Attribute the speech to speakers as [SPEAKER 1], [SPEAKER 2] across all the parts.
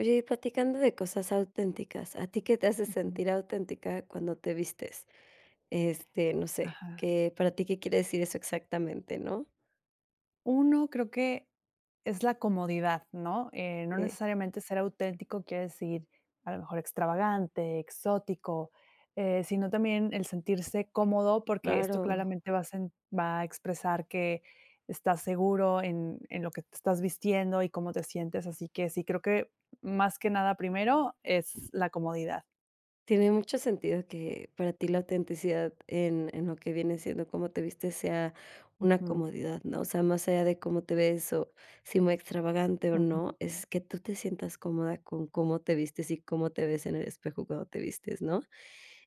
[SPEAKER 1] Oye, platicando de cosas auténticas, ¿a ti qué te hace
[SPEAKER 2] Ujú.
[SPEAKER 1] sentir auténtica, cuando te vistes? Este, no sé,
[SPEAKER 2] Ajá.
[SPEAKER 1] ¿qué, para ti, qué quiere decir eso exactamente, no?
[SPEAKER 2] Uno, creo que es la comodidad, ¿no? Eh, no
[SPEAKER 1] Eh.
[SPEAKER 2] necesariamente ser auténtico quiere decir, a lo mejor, extravagante, exótico, eh, sino también el sentirse cómodo, porque, esto
[SPEAKER 1] Claro.
[SPEAKER 2] claramente va a sen va a expresar que estás seguro, en en lo que te estás vistiendo, y cómo te sientes. Así que sí, creo que, más que nada primero, es la comodidad.
[SPEAKER 1] Tiene mucho sentido, que para ti la autenticidad en en lo que viene siendo, cómo te vistes sea una
[SPEAKER 2] Ujú.
[SPEAKER 1] comodidad, ¿no? O sea, más allá de cómo te ves, o si muy extravagante o
[SPEAKER 2] Ujú.
[SPEAKER 1] no, es que tú te sientas cómoda, con cómo te vistes, y cómo te ves en el espejo cuando te vistes, ¿no?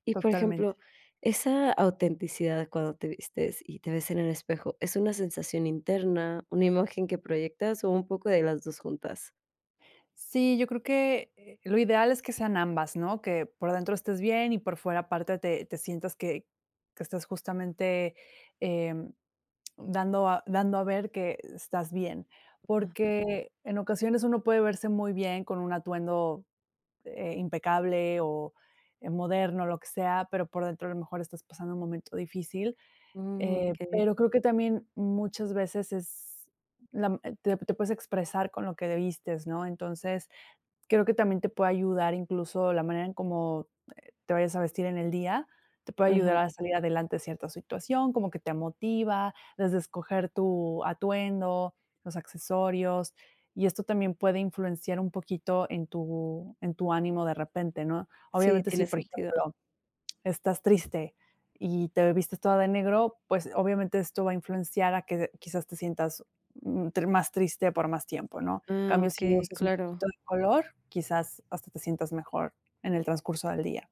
[SPEAKER 1] Y, por
[SPEAKER 2] Totalmente.
[SPEAKER 1] ejemplo, esa autenticidad cuando te vistes, y te ves en el espejo, ¿es una sensación interna, una imagen que proyectas, o un poco de las 2 juntas?
[SPEAKER 2] Sí, yo creo que, eh, lo ideal es que sean ambas, ¿no? Que por adentro estés bien, y por fuera aparte te te sientas que que estás justamente, em, dando a dando a ver que estás bien.
[SPEAKER 1] Ujú.
[SPEAKER 2] Porque, en ocasiones, uno puede verse muy bien con un atuendo, eh, impecable, o, eh, moderno, lo que sea, pero por dentro, a lo mejor, estás pasando un momento difícil.
[SPEAKER 1] Mm,
[SPEAKER 2] Eh,
[SPEAKER 1] okey.
[SPEAKER 2] pero creo que también, muchas veces es la te te puedes expresar con lo que vistes, ¿no? Entonces, creo que también, te puede ayudar, incluso, la manera en cómo, eh, te vayas a vestir en el día. Te puede ayudar
[SPEAKER 1] Ajá.
[SPEAKER 2] a salir adelante cierta en situación, como que te motiva, desde escoger tu atuendo, los accesorios, y esto también puede influenciar un poquito, en tu en tu ánimo de repente, ¿no?
[SPEAKER 1] Sí,
[SPEAKER 2] Obviamente, si,
[SPEAKER 1] tiene
[SPEAKER 2] por
[SPEAKER 1] sentido.
[SPEAKER 2] ejemplo, estás triste, y te vistes toda de negro, pues, obviamente, esto va a influenciar a que quizás te sientas, mm, más triste por más tiempo, ¿no? En
[SPEAKER 1] Ah,
[SPEAKER 2] cambio, si
[SPEAKER 1] okey,
[SPEAKER 2] usas un poquito
[SPEAKER 1] claro.
[SPEAKER 2] de color, quizás hasta te sientas mejor, en el transcurso del día.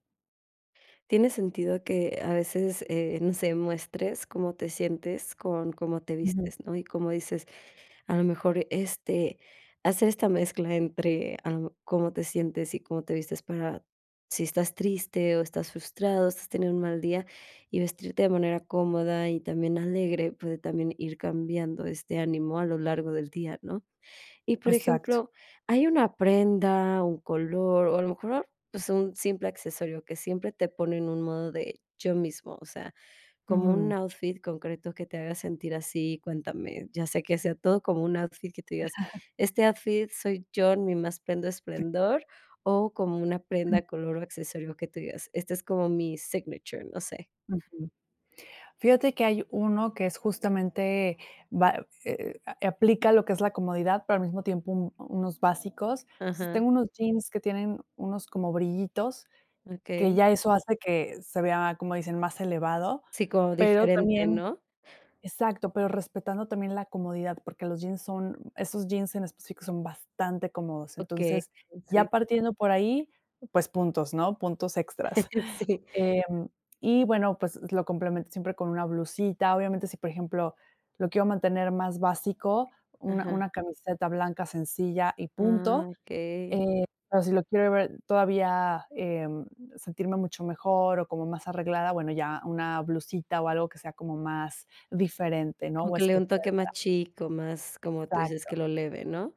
[SPEAKER 1] Tiene sentido, que a veces, eh, no sé, muestres cómo te sientes, con cómo te
[SPEAKER 2] Ujú.
[SPEAKER 1] vistes, ¿no? Y, como dices, a lo mejor, este, hacer esta mezcla entre, ah, cómo te sientes y cómo te vistes, para si estás triste o estás frustrado, si estás teniendo un mal día, y vestirte de manera cómoda, y también alegre, puede también ir cambiando este ánimo a lo largo del día, ¿no? Y, por
[SPEAKER 2] Exacto.
[SPEAKER 1] ejemplo, hay una prenda, un color, o a lo mejor,
[SPEAKER 2] Mm.
[SPEAKER 1] pues, un simple accesorio, que siempre te pone en un modo de yo mismo, o sea, como un
[SPEAKER 2] Ujú.
[SPEAKER 1] outfit concreto, que te haga sentir así. Cuéntame, ya sea que sea todo como un outfit que tú digas, este outfit soy yo, en mi más pleno
[SPEAKER 2] Sí.
[SPEAKER 1] esplendor, o como una
[SPEAKER 2] Sí.
[SPEAKER 1] prenda, color, o accesorio que tú digas, este es como mi signature, no sé.
[SPEAKER 2] Ujú. Fíjate que hay uno que es justamente, va, eh eh aplica lo que es la comodidad, pero, al mismo tiempo, unos básicos. Entonces,
[SPEAKER 1] Ajá.
[SPEAKER 2] tengo unos jeans, que tienen unos como brillitos, que
[SPEAKER 1] Okey.
[SPEAKER 2] ya eso hace que se vea, como dicen, más elevado,
[SPEAKER 1] Sí, como
[SPEAKER 2] pero
[SPEAKER 1] diferente,
[SPEAKER 2] también,
[SPEAKER 1] ¿no?
[SPEAKER 2] exacto, pero, respetando también la comodidad, porque, los jeans son esos jeans en específico son bastante cómodos.
[SPEAKER 1] Okey,
[SPEAKER 2] Entonces, ya
[SPEAKER 1] sí.
[SPEAKER 2] partiendo por ahí, pues puntos, ¿no?, puntos extras.
[SPEAKER 1] Sí.
[SPEAKER 2] Em, y, bueno, pues, lo complemento siempre con una blusita. Obviamente, si, por ejemplo, lo quiero mantener más básico, una
[SPEAKER 1] Ajá.
[SPEAKER 2] una camiseta blanca sencilla, y punto.
[SPEAKER 1] Ah. Okey.
[SPEAKER 2] Eh, pero si lo quiero ver todavía, em, sentirme mucho mejor, o como más arreglada, bueno, ya una blusita, o algo que sea como más diferente, ¿no?,
[SPEAKER 1] Como
[SPEAKER 2] o
[SPEAKER 1] que le dé un
[SPEAKER 2] especial
[SPEAKER 1] toque,
[SPEAKER 2] para
[SPEAKER 1] más chic, o más, como tú dices,
[SPEAKER 2] exacto.
[SPEAKER 1] que lo eleve, ¿no?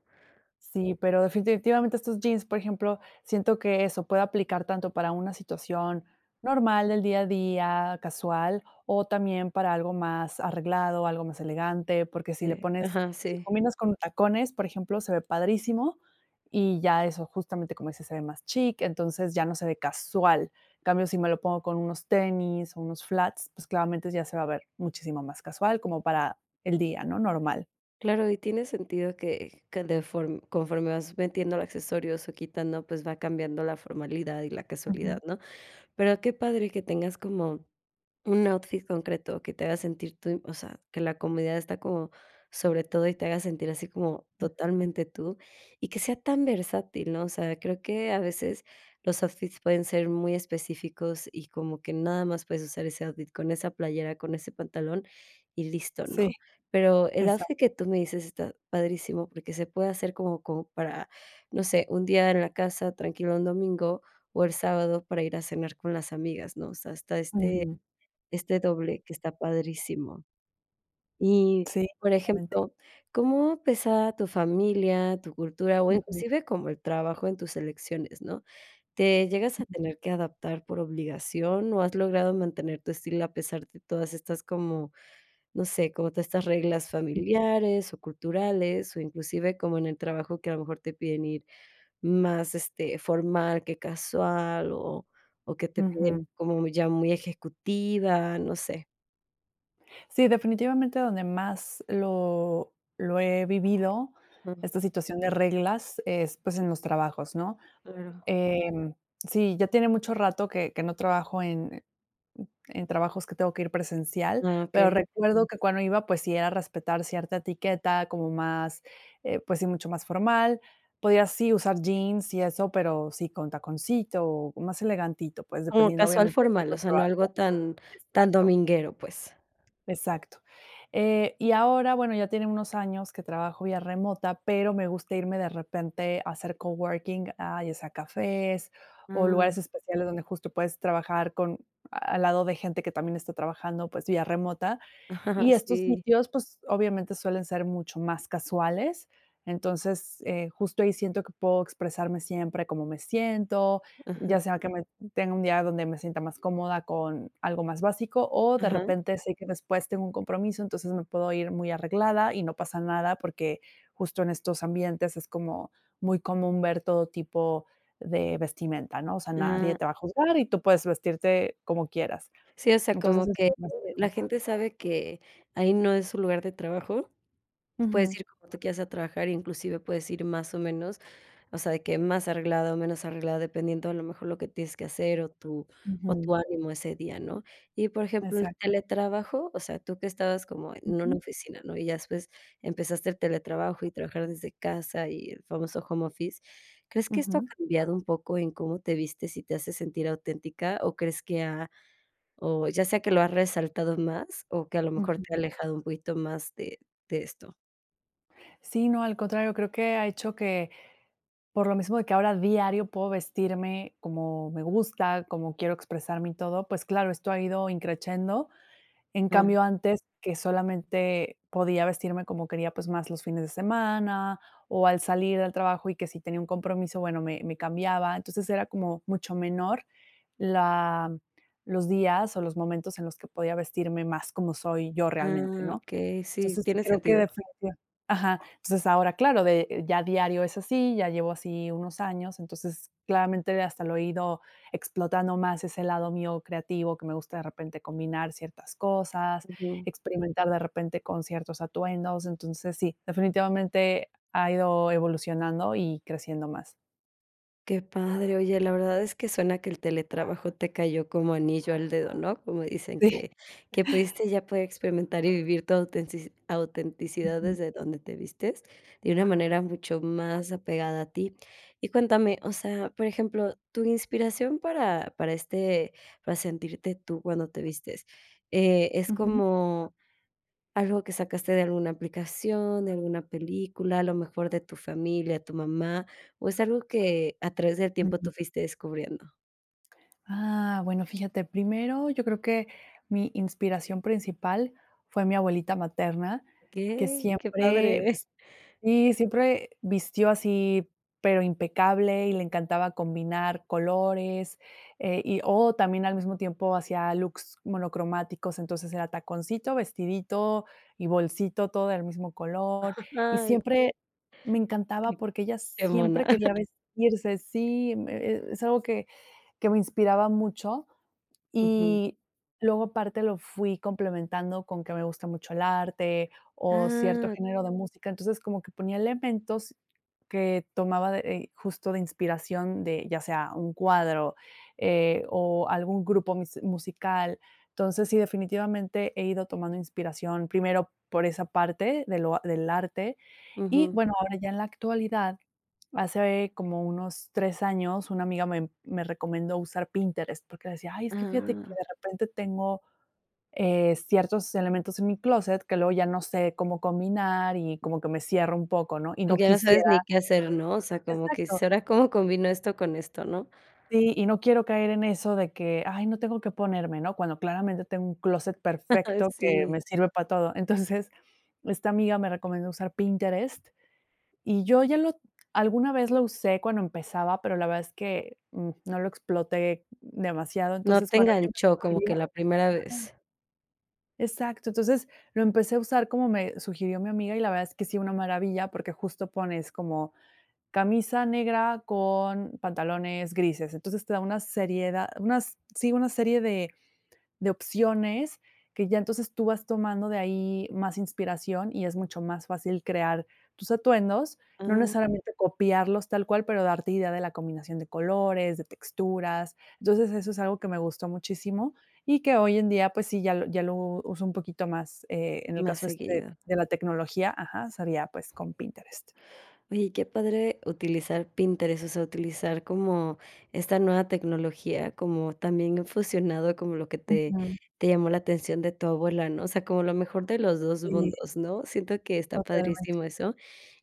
[SPEAKER 2] Sí, pero definitivamente estos jeans, por ejemplo, siento que eso puede aplicar tanto para una situación normal del día a día, casual, o también para algo más arreglado, algo más elegante, porque si le
[SPEAKER 1] Eh,
[SPEAKER 2] pones,
[SPEAKER 1] ajá,
[SPEAKER 2] si
[SPEAKER 1] sí.
[SPEAKER 2] combinas con tacones, por ejemplo, se ve padrísimo, y ya eso, justamente, como dices, se ve más chic, entonces, ya no se ve casual. En cambio, si me lo pongo con unos tenis, o unos flats, pues, claramente, ya se va a ver muchísimo más casual, como para el día, ¿no? Normal.
[SPEAKER 1] Claro, y tiene sentido, que que de form conforme vas metiéndole accesorios, o quitando, pues, va cambiando la formalidad, y la casualidad,
[SPEAKER 2] Ujú.
[SPEAKER 1] ¿no? Pero, qué padre que tengas como un outfit concreto que te haga sentir tú, o sea, que la comodidad está como sobre todo, y te haga sentir así como
[SPEAKER 2] Ujú.
[SPEAKER 1] totalmente tú, y que sea tan versátil, ¿no? O sea, creo que a veces, los outfits pueden ser muy específicos, y como que nada más puedes usar ese outfit con esa playera, con ese pantalón y listo, ¿no?
[SPEAKER 2] Sí,
[SPEAKER 1] Pero, el
[SPEAKER 2] exac
[SPEAKER 1] outfit que tú me dices está padrísimo, porque, se puede hacer como como para, no sé, un día en la casa tranquilo un domingo, o el sábado para ir a cenar con las amigas, ¿no? O sea, está este
[SPEAKER 2] Ujú.
[SPEAKER 1] este doble, que está padrísimo. Y,
[SPEAKER 2] Sí,
[SPEAKER 1] por
[SPEAKER 2] definitivamente.
[SPEAKER 1] ejemplo, ¿cómo pesa, tu familia, tu cultura, o
[SPEAKER 2] Ujú.
[SPEAKER 1] inclusive como el trabajo en tus elecciones, no? ¿Te llegas a tener que adaptar por obligación, o has logrado mantener tu estilo? A pesar de todas estas, como, no sé, como todas estas reglas
[SPEAKER 2] Ujú.
[SPEAKER 1] familiares, o culturales, o inclusive, como en el trabajo, que a lo mejor te piden ir más, este, formal que casual, o o que te piden,
[SPEAKER 2] Ujú.
[SPEAKER 1] como ya muy ejecutiva, no sé.
[SPEAKER 2] Sí, definitivamente, donde más lo lo he vivido,
[SPEAKER 1] Mm.
[SPEAKER 2] esta situación de reglas es, pues, en los trabajos, ¿no?
[SPEAKER 1] Claro.
[SPEAKER 2] Em, sí, ya tiene mucho rato, que que no trabajo en en trabajos que tengo que ir presencial.
[SPEAKER 1] Ah,
[SPEAKER 2] Pero,
[SPEAKER 1] okey.
[SPEAKER 2] recuerdo que cuando iba, pues, sí era respetar cierta etiqueta como más, eh, pues, sí mucho más formal. Podía, sí, usar jeans y eso, pero, sí con taconcito o más elegantito, pues,
[SPEAKER 1] Como
[SPEAKER 2] dependiendo,
[SPEAKER 1] casual
[SPEAKER 2] obviamente, del
[SPEAKER 1] formal,
[SPEAKER 2] tipo
[SPEAKER 1] o
[SPEAKER 2] de
[SPEAKER 1] sea, no
[SPEAKER 2] trabajo.
[SPEAKER 1] algo tan tan
[SPEAKER 2] Exacto.
[SPEAKER 1] dominguero, pues.
[SPEAKER 2] Exacto. Eh, y ahora, bueno, ya tiene unos años que trabajo vía remota, pero, me gusta irme de repente a hacer coworking, a ya sea cafés, o
[SPEAKER 1] Ah.
[SPEAKER 2] lugares especiales donde justo puedes trabajar con, al lado de gente que también está trabajando, pues, vía remota. Y estos
[SPEAKER 1] Sí.
[SPEAKER 2] sitios, pues, obviamente, suelen ser mucho más casuales. Entonces, eh, justo ahí siento que puedo expresarme siempre cómo me siento,
[SPEAKER 1] Ajá.
[SPEAKER 2] ya sea que me tenga un día, donde me sienta más cómoda con algo más básico o, de
[SPEAKER 1] Ajá.
[SPEAKER 2] repente, sé que después tengo un compromiso, entonces, me puedo ir muy arreglada, y no pasa nada, porque, justo en estos ambientes es como muy común ver todo tipo de vestimenta, ¿no? O sea, nadie
[SPEAKER 1] Ah.
[SPEAKER 2] te va a juzgar, y tú puedes vestirte como quieras.
[SPEAKER 1] Sí, o sea,
[SPEAKER 2] Entonces,
[SPEAKER 1] como que
[SPEAKER 2] asi
[SPEAKER 1] la
[SPEAKER 2] [unintelligible]
[SPEAKER 1] gente sabe que ahí no es su lugar de trabajo, puedes
[SPEAKER 2] Ujú.
[SPEAKER 1] ir como tú quieras a trabajar, inclusive puedes ir más o menos, o sea, de que más arreglado o menos arreglado, dependiendo a lo mejor lo que tienes que hacer, o tu o tu
[SPEAKER 2] Ujú.
[SPEAKER 1] ánimo ese día, ¿no? Y, por ejemplo, el
[SPEAKER 2] Exac
[SPEAKER 1] teletrabajo, o sea, tú que estabas como en una
[SPEAKER 2] Ujú.
[SPEAKER 1] oficina, ¿no?, y ya después, empezaste el teletrabajo y a trabajar desde casa, y el famoso home office, ¿crees que esto ha
[SPEAKER 2] Ujú.
[SPEAKER 1] cambiado un poco en cómo te vistes, y te hace sentir auténtica? ¿O crees que, ah, o ya sea que lo has resaltado más, o que a lo mejor te ha
[SPEAKER 2] Ujú.
[SPEAKER 1] alejado, un poquito más de de esto?
[SPEAKER 2] Sí, no, al contrario, creo que ha hecho que, por lo mismo de que ahora diario puedo vestirme como me gusta, como quiero expresarme y todo, pues, claro, esto ha ido in crescendo. En
[SPEAKER 1] Ah.
[SPEAKER 2] cambio, antes que solamente podía vestirme como quería, pues, más los fines de semana o al salir del trabajo, y que si tenía un compromiso, bueno, me me cambiaba. Entonces, era como mucho menor la los días o los momentos en los que podía vestirme más como soy yo realmente,
[SPEAKER 1] Ah,
[SPEAKER 2] ¿no?
[SPEAKER 1] okey, sí,
[SPEAKER 2] Entonces, sí
[SPEAKER 1] tiene
[SPEAKER 2] creo que,
[SPEAKER 1] sentido.
[SPEAKER 2] definitiva ajá. Entonces, ahora, claro, de ya diario es así, ya llevo así unos años. Entonces, claramente, hasta lo he ido explotando más, ese lado mío creativo, que me gusta, de repente, combinar ciertas cosas,
[SPEAKER 1] Ujú.
[SPEAKER 2] experimentar, de repente, con ciertos atuendos. Entonces, sí, definitivamente, ha ido evolucionando y creciendo más.
[SPEAKER 1] Qué padre. Oye, la verdad es que suena que el teletrabajo te cayó como anillo al dedo, ¿no? Como dicen,
[SPEAKER 2] Sí.
[SPEAKER 1] que que pudiste ya poder experimentar y vivir tu autentici autenticidad desde donde te vistes, de una manera mucho más apegada a ti. Y cuéntame, o sea, por ejemplo, tu inspiración para para, este, para sentirte tú cuando te vistes, eh, ¿es
[SPEAKER 2] Ujú.
[SPEAKER 1] como algo que sacaste de alguna aplicación, de alguna película, a lo mejor, de tu familia, tu mamá, o es algo que a través del tiempo tú
[SPEAKER 2] Ujú.
[SPEAKER 1] fuiste descubriendo?
[SPEAKER 2] Ah, bueno, fíjate, primero yo creo que mi inspiración principal, fue mi abuelita materna, que
[SPEAKER 1] Que que
[SPEAKER 2] siempre
[SPEAKER 1] padre.
[SPEAKER 2] vist sí, siempre vistió así, pero impecable, y le encantaba combinar colores, eh, y o también al mismo tiempo hacía looks monocromáticos. Entonces, era taconcito, vestidito y bolsito, todo del mismo color. Y siempre me
[SPEAKER 1] Que
[SPEAKER 2] encantaba, porque ella
[SPEAKER 1] qué mona.
[SPEAKER 2] siempre quería vestirse sí, mm, eh, e es algo que que me inspiraba mucho
[SPEAKER 1] Ujú.
[SPEAKER 2] y luego, aparte, lo fui complementando con que me gusta mucho el arte o cierto
[SPEAKER 1] Ah.
[SPEAKER 2] género de música. Entonces, como que ponía elementos que tomaba de, eh, justo, de inspiración de, ya sea un cuadro, eh, o algún grupo musi musical. Entonces, sí, definitivamente, he ido tomando inspiración, primero, por esa parte de lo del arte. Y,
[SPEAKER 1] Ujú.
[SPEAKER 2] bueno, ahora ya en la actualidad, hace como unos 3 años, una amiga me me recomendó usar Pinterest, porque decía: "Ay, es que fíjate que,
[SPEAKER 1] Ah.
[SPEAKER 2] de repente, tengo, eh, ciertos elementos en mi clóset, que luego ya no sé cómo combinar y como que me cierra un poco, ¿no?, y
[SPEAKER 1] Okey,
[SPEAKER 2] no
[SPEAKER 1] ya no
[SPEAKER 2] quisiera"
[SPEAKER 1] sabes, ni qué hacer, ¿no? O sea, como que,
[SPEAKER 2] Exacto.
[SPEAKER 1] ¿será cómo combino esto con esto, no?
[SPEAKER 2] Sí, y no quiero caer en eso de que: "Ay, no tengo que ponerme," ¿no?, cuando, claramente, tengo un clóset
[SPEAKER 1] Ay
[SPEAKER 2] perfecto que
[SPEAKER 1] sí.
[SPEAKER 2] me sirve para todo. Entonces, esta amiga me recomendó usar Pinterest, y yo, ya lo alguna vez lo usé cuando empezaba, pero la verdad es que, mm, no lo exploté demasiado.
[SPEAKER 1] No
[SPEAKER 2] Entonces,
[SPEAKER 1] te
[SPEAKER 2] cuando ella me
[SPEAKER 1] enganchó como
[SPEAKER 2] sugirió
[SPEAKER 1] que la primera
[SPEAKER 2] ajá.
[SPEAKER 1] vez.
[SPEAKER 2] Exacto. Entonces, lo empecé a usar como me sugirió mi amiga, y la verdad es que, sí, una maravilla, porque, justo, pones como: "Camisa negra con pantalones grises". Entonces, te da una seried da unas sí, una serie de de de opciones que ya, entonces, tú vas tomando de ahí más inspiración y es mucho más fácil crear tus atuendos. No
[SPEAKER 1] Ah.
[SPEAKER 2] necesariamente, copiarlos tal cual, pero darte idea de la combinación de colores, de texturas. Entonces, eso es algo que me gustó muchísimo, y que hoy en día, pues, sí, ya lo ya lo uso un poquito más. Eh, en el
[SPEAKER 1] Más
[SPEAKER 2] caso, este,
[SPEAKER 1] seguido.
[SPEAKER 2] de la tecnología, ajá, sería, pues, con Pinterest.
[SPEAKER 1] Oye, qué padre utilizar Pinterest, o sea, utilizar como esta nueva tecnología, como también fusionado como lo que te
[SPEAKER 2] Ujú.
[SPEAKER 1] te llamó la atención de tu abuela, ¿no? O sea, como lo mejor de los 2
[SPEAKER 2] Sí.
[SPEAKER 1] mundos, ¿no? Siento que está
[SPEAKER 2] Totalmente.
[SPEAKER 1] padrísimo eso.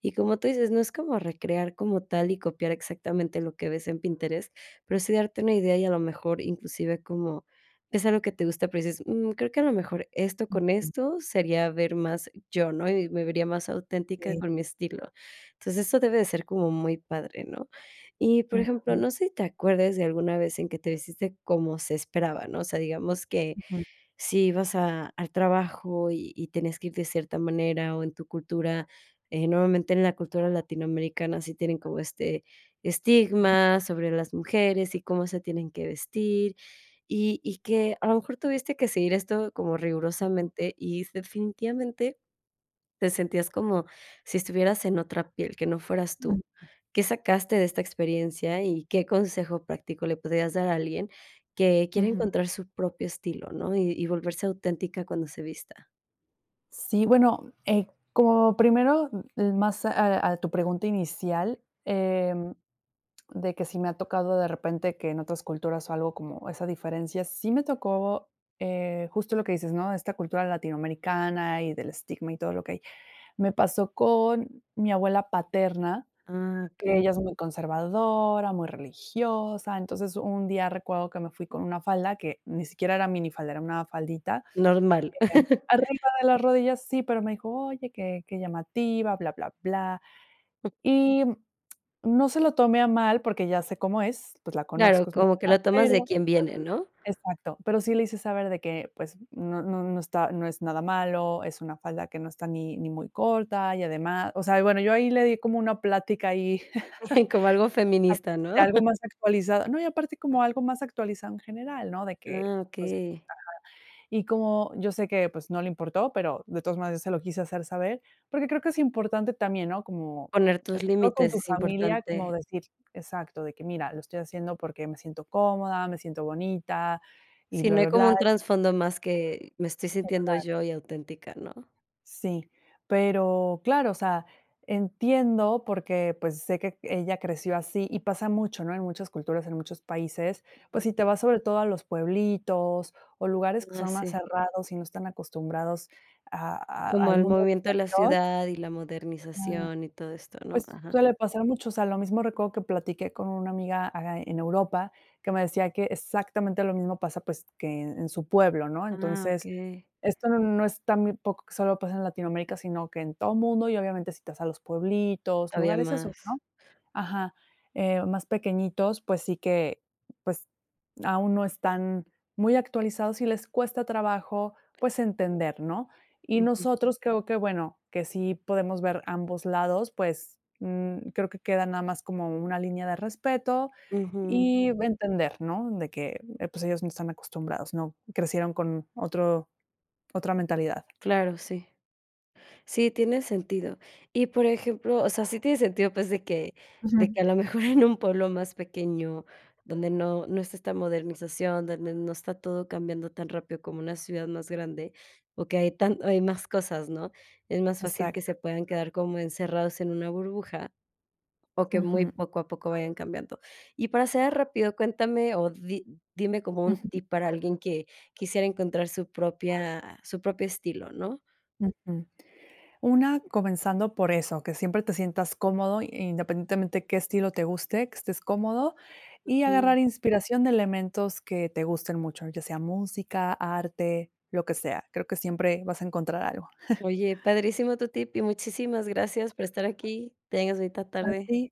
[SPEAKER 1] Y como tú dices: "No es como recrear como tal y copiar exactamente lo que ves en Pinterest, pero sí darte una idea". Y, a lo mejor, inclusive, como es algo que te gusta, pero dices: "Mm, creo que a lo mejor esto con
[SPEAKER 2] Ujú.
[SPEAKER 1] esto sería ver más yo, ¿no?, y me vería más auténtica
[SPEAKER 2] Sí.
[SPEAKER 1] con mi estilo". Entonces, eso debe de ser como muy padre, ¿no? Y, por ejemplo,
[SPEAKER 2] Ujú.
[SPEAKER 1] no sé si te acuerdes de alguna vez en que te vestiste como se esperaba, ¿no? O sea, digamos que
[SPEAKER 2] Ujú.
[SPEAKER 1] si ibas a al trabajo y y tenías que ir de cierta manera o en tu cultura eh, normalmente, en la cultura latinoamericana sí tiene como este estigma sobre las mujeres y cómo se tienen que vestir, y y que, a lo mejor, tuviste que seguir esto como
[SPEAKER 2] Ujú.
[SPEAKER 1] rigurosamente y, def definitivamente, te sentías como si estuvieras en otra piel, que no fueras tú. Qué sacaste de esta experiencia y qué consejo práctico le podrías dar a alguien que quiere
[SPEAKER 2] Ujú.
[SPEAKER 1] encontrar su propio estilo, ¿no?, y y volverse auténtica cuando se vista.
[SPEAKER 2] Sí, bueno, eh, como primero, eh, más a a tu pregunta inicial, em, de que, si me ha tocado de repente que en otras culturas, o algo como esa diferencia, sí me tocó, eh, justo lo que dices, ¿no? Esta cultura latinoamericana, y del estigma y todo lo que hay. Me pasó con mi abuela paterna,
[SPEAKER 1] Ah,
[SPEAKER 2] que
[SPEAKER 1] okey.
[SPEAKER 2] ella es muy conservadora, muy religiosa. Entonces, un día recuerdo que me fui con una falda, que ni siquiera era minifaldera, era una faldita.
[SPEAKER 1] Normal.
[SPEAKER 2] Eh, arriba de las rodillas, sí, pero me dijo: "Oye, qué qué llamativa, bla bla bla". Y, no se lo tome a mal, porque, ya sé cómo es, pues la
[SPEAKER 1] Claro,
[SPEAKER 2] conozco, es mi
[SPEAKER 1] como que
[SPEAKER 2] abuela,
[SPEAKER 1] la tomas de
[SPEAKER 2] pero
[SPEAKER 1] quien viene, ¿no?
[SPEAKER 2] exacto. Pero, sí le hice saber de que, pues no no no está, no es nada malo, es una falda que no está ni ni muy corta y ademá o sea, y bueno, yo ahí le di como una plática, ahí
[SPEAKER 1] Como algo feminista,
[SPEAKER 2] de
[SPEAKER 1] ¿no?
[SPEAKER 2] algo más actualizado. No, y aparte como algo más actualizado en general, ¿no? De que,
[SPEAKER 1] Ah,
[SPEAKER 2] pues,
[SPEAKER 1] okey.
[SPEAKER 2] ajá. Y como, yo sé que, pues, no le importó, pero, de todas maneras se lo quise hacer saber. Porque, creo que es importante también, ¿no? Como
[SPEAKER 1] Poner tus
[SPEAKER 2] esto con
[SPEAKER 1] límites,
[SPEAKER 2] tu
[SPEAKER 1] es
[SPEAKER 2] familia, como
[SPEAKER 1] importante.
[SPEAKER 2] decir exacto, de que: "Mira, lo estoy haciendo, porque, me siento cómoda, me siento bonita y
[SPEAKER 1] Si
[SPEAKER 2] bla
[SPEAKER 1] no hay
[SPEAKER 2] bla
[SPEAKER 1] como
[SPEAKER 2] blá".
[SPEAKER 1] un trasfondo más, que me estoy sintiendo
[SPEAKER 2] Exacto.
[SPEAKER 1] yo, y auténtica, ¿no?
[SPEAKER 2] Sí, pero, claro, o sea, entiendo porque, pues, sé que ella creció así, y pasa mucho, ¿no? En muchas culturas, en muchos países, pues, si
[SPEAKER 1] Ujú.
[SPEAKER 2] te vas sobre todo a los pueblitos, o lugares que
[SPEAKER 1] Ah,
[SPEAKER 2] son más
[SPEAKER 1] sí.
[SPEAKER 2] cerrados, y no están acostumbrados a a
[SPEAKER 1] Como
[SPEAKER 2] al
[SPEAKER 1] el
[SPEAKER 2] mundo
[SPEAKER 1] movimiento de la
[SPEAKER 2] exterior
[SPEAKER 1] ciudad, y la
[SPEAKER 2] ajá,
[SPEAKER 1] modernización, y todo esto, ¿no?
[SPEAKER 2] pues,
[SPEAKER 1] ajá.
[SPEAKER 2] suele pasar a muchos. O sea, lo mismo recuerdo que platiqué con una amiga, aca en Europa, que me decía que exactamente lo mismo pasa, pues, que en su pueblo, ¿no?
[SPEAKER 1] Ah,
[SPEAKER 2] Entonces,
[SPEAKER 1] okey.
[SPEAKER 2] esto no es tan, muy poco, que solo pasa en Latinoamérica, sino que en todo mundo y, obviamente, citas a los pueblitos,
[SPEAKER 1] Todavía
[SPEAKER 2] lugares esos,
[SPEAKER 1] más.
[SPEAKER 2] ¿no? Ajá, eh, más pequeñitos, pues sí que, pues, aún no están muy actualizados, y les cuesta trabajo, pues entender, ¿no? Y
[SPEAKER 1] Ujú.
[SPEAKER 2] nosotros creo que, bueno, que sí podemos ver ambos lados, pues, um creo que queda nada más, como una línea de respeto,
[SPEAKER 1] Ujú.
[SPEAKER 2] y entender, ¿no? De que, eh, pues, ellos no están acostumbrados, ¿no? Crecieron con otro otra mentalidad.
[SPEAKER 1] Claro, sí. Sí, tiene sentido. Y, por ejemplo, o sea, sí tiene sentido, pues, de que de que,
[SPEAKER 2] Ujú.
[SPEAKER 1] a lo mejor en un pueblo más pequeño, donde no no está esta modernización, donde no está todo cambiando tan rápido, como una ciudad más grande, o que hay tan o hay más cosas, ¿no? Es más fácil
[SPEAKER 2] Exac
[SPEAKER 1] que se puedan quedar como encerrados en una burbuja, o que muy
[SPEAKER 2] Ujú.
[SPEAKER 1] poco a poco vayan cambiando. Y para cerrar rápido, cuéntame o di dime como un
[SPEAKER 2] Ujú.
[SPEAKER 1] tip para alguien, que quisiera encontrar su propia su propio estilo, ¿no?
[SPEAKER 2] Ujú. Una, comenzando por eso, que siempre te sientas cómodo, i independientemente qué estilo te guste, que estés cómodo, y
[SPEAKER 1] Ujú.
[SPEAKER 2] agarrar inspiración de elementos que te gusten mucho, ya sea música, arte, lo que sea. Creo que siempre vas a encontrar algo.
[SPEAKER 1] Oye, padrísimo tu tip, y muchísimas gracias por estar aquí. Tengas bonita
[SPEAKER 2] A
[SPEAKER 1] tarde.
[SPEAKER 2] ti.